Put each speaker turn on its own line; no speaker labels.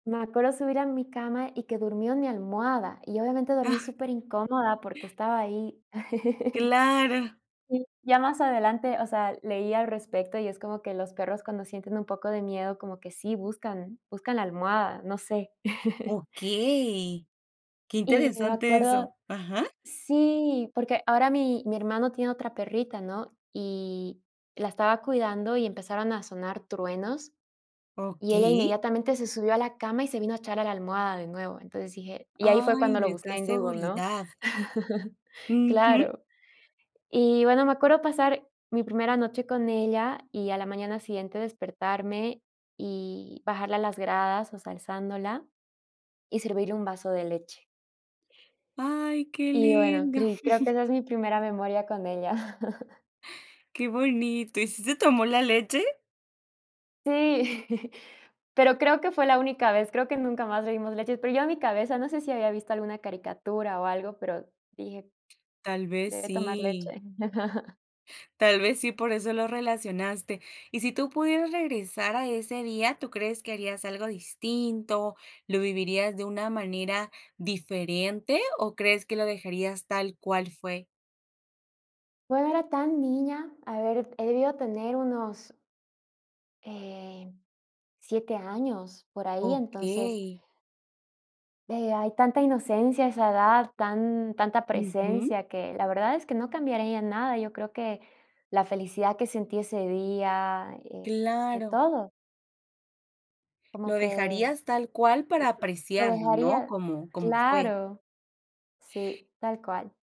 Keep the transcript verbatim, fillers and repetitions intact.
Me acuerdo subir a mi cama y que durmió en mi almohada, y obviamente dormí superincómoda porque estaba ahí.
Claro.
Y ya más adelante, o sea, leí al respecto y es como que los perros cuando sienten un poco de miedo, como que sí buscan buscan la almohada, no sé.
Okey, qué
Y me
interesante
acuerdo
eso, ajá.
sí, porque ahora mi mi hermano tiene otra perrita, ¿no? Y la estaba cuidando y empezaron a sonar truenos, y ella
Okey.
inmediatamente se subió a la cama y se vino a echar a la almohada de nuevo, entonces dije y ahí fue
¡Ay!
cuando lo
Les
busqué
da
en Google, ¿no?
seguridad. Ujú.
Claro. Y bueno, me acuerdo pasar mi primera noche con ella, y a la mañana siguiente despertarme y bajarla a las gradas osea, alzándola, y servirle un vaso de leche.
Ay, qué
Y bueno,
lindo.
cri creo que esa es mi primera memoria con ella.
Qué bonito. ¿Y sí se tomó la leche?
Sí, pero creo que fue la única vez, creo que nunca más bebimos leche, pero yo a mi cabeza, no sé si había visto alguna caricatura o algo, pero dije:
Tal vez
"Debe tomar leche".
sí. Tal vez sí, por eso lo relacionaste. Y si tú pudieras regresar a ese día, ¿tú crees que harías algo distinto? ¿Lo vivirías de una manera diferente? ¿O crees que lo dejarías tal cual fue?
Bueno no era tan niña, a ver, he debido tener unos em, siete años, por ahí, entonces
Okey.
eh, hay tanta inocencia a esa edad, tan tanta
Ujú.
presencia, que la verdad es que no cambiaría nada, yo creo que la felicidad que sentí ese día, eh, de
Claro.
todo. Como
Lo
que
dejarías tal cual para
[unintelligible] lo
apreciarlo, ¿no?
dejaría
Como como fue.
claro, sí, tal cual.